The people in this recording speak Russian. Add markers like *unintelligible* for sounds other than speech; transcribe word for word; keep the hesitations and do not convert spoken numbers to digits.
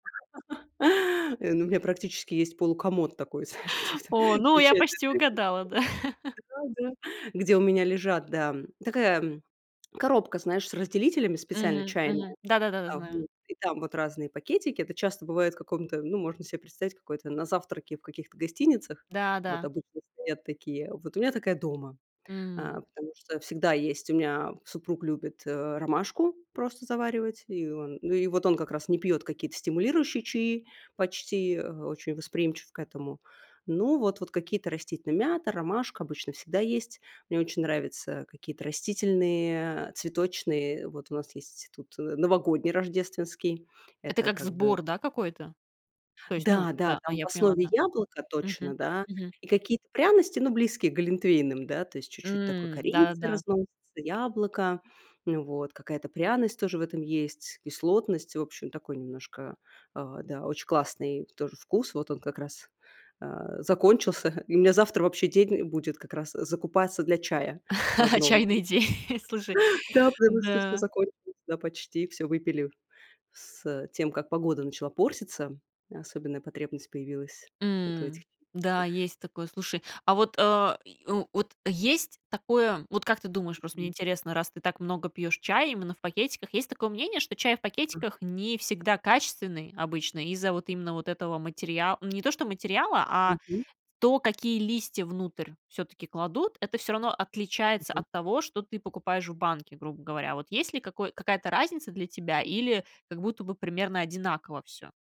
*laughs* Э, у у меня практически есть полукомод такой, знаешь, где вот там О, ну, я встречают. *unintelligible* почти угадала, да. *laughs* Да да. Где у меня лежат, да, м, такая, м, коробка, знаешь, с разделителями специально Мгм, чайная. мгм. Да да да да, А, знаю. вот. И там вот разные пакетики. Это часто бывает в каком-то, ну, можно себе представить, какой-то на завтраке в каких-то гостиницах. Да, Вот да. обычно стоят такие. Вот у меня такая дома. А, М. потому что всегда есть у меня супруг любит, э, ромашку просто заваривать. И он ну, и вот он как раз не пьёт какие-то стимулирующие чаи, почти, э, очень восприимчив к этому. Ну вот. Вот какие-то растительные: мята, ромашка обычно всегда есть. Мне очень нравятся какие-то растительные, а, цветочные. Вот у нас есть тут, э, новогодний, рождественский. Это Это как как бы сбор, да, какой-то? То есть, ну Да, да, да. А, там в я поняла, основе да. яблоко точно, Мгм, да. мгм. И какие-то пряности, ну, близкие к глинтвейнам, да, то есть чуть-чуть такой М, корицы, да-да-да. *unintelligible* яблоко. Ну вот. Какая-то пряность тоже в этом есть, кислотность. В общем, такой немножко, а, да, очень классный тоже вкус. Вот он как раз, а, закончился. И у меня завтра вообще день будет как раз закупаться для чая в *laughs* одном. Чайный день, *chuckles* слушай, *chuckles* Да, потому что всё да. закончилось, да, почти. Всё выпили с, э, тем, как погода начала портиться. Особенная потребность появилась вот у этих М, и да, тех. есть такое. Слушай, а вот а и в вот есть такое, вот, как ты думаешь, просто мне Мгм. интересно, раз ты так много пьёшь чай именно в пакетиках, есть такое мнение, что чай в Ага. пакетиках не всегда качественный обычно из-за вот именно вот этого материал не то что материала, а Мгм. то, какие листья внутрь всё-таки кладут. Это всё равно отличается Мгм. от того, что ты покупаешь в банке, грубо говоря. Вот есть ли какой какая-то разница для тебя или как будто бы примерно одинаково всё?